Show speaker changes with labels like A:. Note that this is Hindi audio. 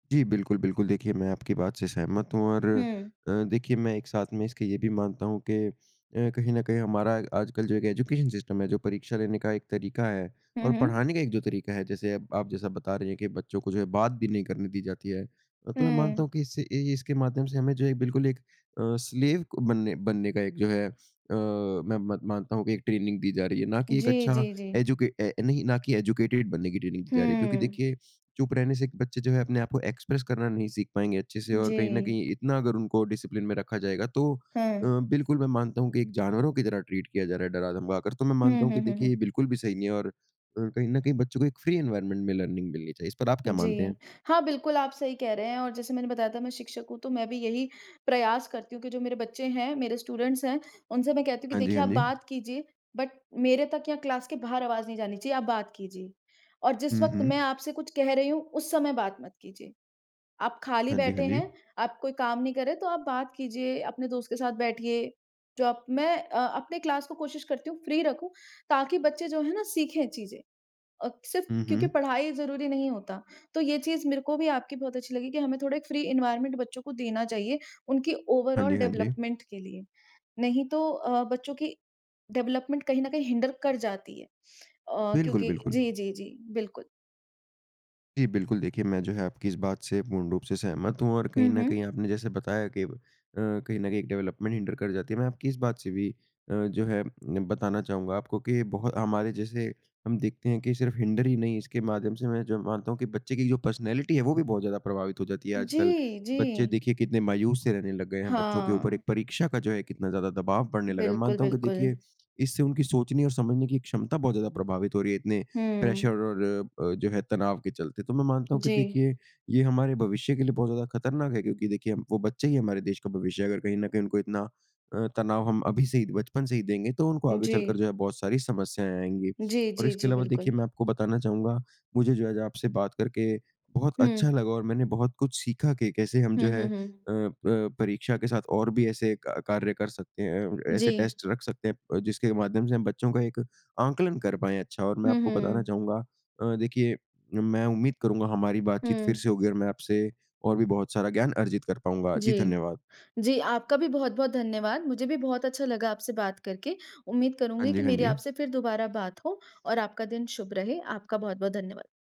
A: जी, बिल्कुल, बिल्कुल। देखिए, मैं आपकी बात से सहमत हूँ और
B: हुँ।
A: अ, देखिए मैं एक साथ में इसके ये भी मानता हूँ कि अ, कहीं न कहीं हमारा आजकल जो एक एजुकेशन सिस्टम है, जो परीक्षा लेने का एक तरीका है
B: हुँ,
A: और
B: हुँ।
A: पढ़ाने का एक जो तरीका है, जैसे अब आप जैसा बता रहे हैं कि बच्चों को जो है बात भी नहीं करने दी जाती है। अ, तो मैं मानता
B: हुँ।
A: हूँ कि इससे ए ए इसके माध्यम से हमें जो है बिल्कुल एक अ, स्लेव क बनने बनने का एक जो है अ, मैं मत मानता हूँ कि एक ट्रेनिंग दी जा रही है, ना कि एक
B: जी,
A: अच्छा
B: जी, जी।
A: एजुके ऐ नहीं, ना कि एजुकेटेड बनने की ट्रेनिंग दी जा रही है। क्योंकि
B: हुँ।
A: देखिए, चुप रहने से एक बच्चे जो है अपने आप को एक्स्प्रेस करना नहीं सीख पाएँगे अच्छे से और कहीं न
B: जी।
A: कहीं इतना अगर उनको डिसप्लिन में रखा जाएगा तो अ,
B: हुँ।
A: बिल्कुल मैं मानता हूँ कि एक जानवरों की तरह ट्रीट किया जा रहा है डरा-धमका कर। तो मैं
B: हुँ,
A: मानता हूँ
B: हुँ,
A: कि
B: हुँ,
A: देखिए,
B: हुँ।
A: ये बिल्कुल भी सही नहीं है और अ, कहीं न कहीं बच्चों को एक फ्री एनवायरनमेंट में लर्निंग मिलनी चाहिए। इस पर आप क्या मानते
B: जी।
A: हैं?
B: हाँ, बिल्कुल, आप सही कह रहे हैं, और जैसे मैंने बताया था, मैं शिक्षक हूँ तो मैं भी यही प्रयास करती हूँ कि जो मेरे बच्चे हैं, मेरे स्टूडेंट्स हैं, उनसे मैं कहती हूँ कि,
A: हाँ जी,
B: "देखिए
A: हाँ
B: आप
A: जी।
B: बात कीजिए बट मेरे तक या क्लास के बाहर आवाज़ नहीं जानी चाहिए, आप बात कीजिए। और जिस
A: हुँ,
B: वक़्त मैं
A: हुँ।
B: आपसे कुछ कह रही हूँ, उस समय बात मत कीजिए। आप खाली
A: हाँ जी,
B: बैठे
A: हाँ जी।
B: हैं, आप कोई काम नहीं कर रहे, तो आप बात कीजिए, अपने दोस्त के साथ बैठिए।" जो आप मैं अ अपने क्लास को कोशिश करती हूँ फ्री रखूँ ताकि बच्चे जो हैं ना, सीखें चीज़ें, अ, सिर्फ
A: हुँ,
B: क्योंकि
A: हुँ।
B: पढ़ाई ही ज़रूरी नहीं होता। तो ये चीज़ मेरे को भी आपकी बहुत अच्छी लगी कि हमें थोड़े एक फ्री एनवायरनमेंट बच्चों को देना चाहिए, उनकी
A: हाँ जी,
B: ओवरॉल
A: हाँ जी।
B: डेवलपमेंट के लिए। नहीं तो अ, बच्चों की डेवलपमेंट कहीं न कहीं हिन्डर कर जाती है अ,
A: बिल्कुल,
B: क्योंकि
A: बिल्कुल।
B: जी, जी, जी बिल्कुल।
A: जी, बिल्कुल, देखिए, मैं जो है आपकी इस बात से पूर्ण रूप से सहमत हूँ। और कहीं
B: हुँ,
A: न कहीं
B: हुँ।
A: आपने जैसे बताया कि अ, कहीं न कहीं एक डेवलपमेंट हिन्डर कर जाती है, मैं आपकी इस बात से भी अ, जो है बताना चाहूँगा आपको कि बहुत हमारे जैसे हम देखते हैं कि सिर्फ हिन्डर ही नहीं, इसके माध्यम से मैं जो मानता हूँ कि बच्चे की जो पर्सनैलिटी है, वो भी बहुत ज़्यादा प्रभावित हो जाती है आजकल।
B: जी,
A: बच्चे
B: जी।
A: देखिए कितने मायूस से रहने लग गए हैं, बच्चों के ऊपर
B: हाँ।
A: एक परीक्षा का जो है कितना ज़्यादा दबाव बढ़ने लगा।
B: बिल्कुल,
A: मानता हूँ कि
B: बिल्कुल।
A: देखिए, इससे उनकी सोचने और समझने की एक क्षमता बहुत ज़्यादा प्रभावित हो रही है, इतने प्रेशर
B: हुँ।
A: और अ अ, जो है तनाव के चलते। तो मैं मानता हूँ कि
B: जी।
A: देखिए, ये हमारे भविष्य के लिए बहुत ज़्यादा खतरनाक है क्योंकि देखिए हम वो बच्चे ही हमारे देश का भविष्य हैं। अगर कहीं न कहीं उनको इतना अ, तनाव हम अभी से ही बचपन से ही देंगे, तो उनको आगे चलकर
B: जी।
A: जो है बहुत सारी समस्याएँ आएँगी।
B: जी,
A: और
B: जी,
A: इसके
B: जी,
A: अलावा देखिए,
B: बिल्कुल।
A: मैं आपको बताना चाहूँगा, मुझे जो है आज आपसे बात करके बहुत अच्छा
B: हुँ।
A: लगा और मैंने बहुत कुछ सीखा कि कैसे हम जो
B: हुँ,
A: है
B: हुँ, हुँ।
A: अ अ, परीक्षा के साथ और भी ऐसे का कार्य कर सकते हैं अ अ, ऐसे
B: जी।
A: टेस्ट रख सकते हैं प जिसके माध्यम से हम बच्चों का एक आंकलन कर पाएँ अच्छा और मैं
B: हुँ, हुँ,
A: आपको बताना
B: हुँ।
A: चाहूँगा अ, देखिए, मैं उम्मीद करूँगा, हमारी बातचीत फिर
B: हुँ।
A: से होगी और मैं आपसे और भी बहुत सारा ज्ञान अर्जित कर पाऊँगा। जी,
B: जी।
A: धन्यवाद।
B: जी, आपका भी बहुत-बहुत धन्यवाद। मुझे भी बहुत अच्छा लगा आपसे बात करके। उम्मीद
A: हाँ
B: करूँगी
A: जी,
B: कि
A: हाँ
B: मेरी
A: जी।
B: आपसे फिर दोबारा बात हो और आपका दिन शुभ रहे। आपका बहुत-बहुत धन्यवाद।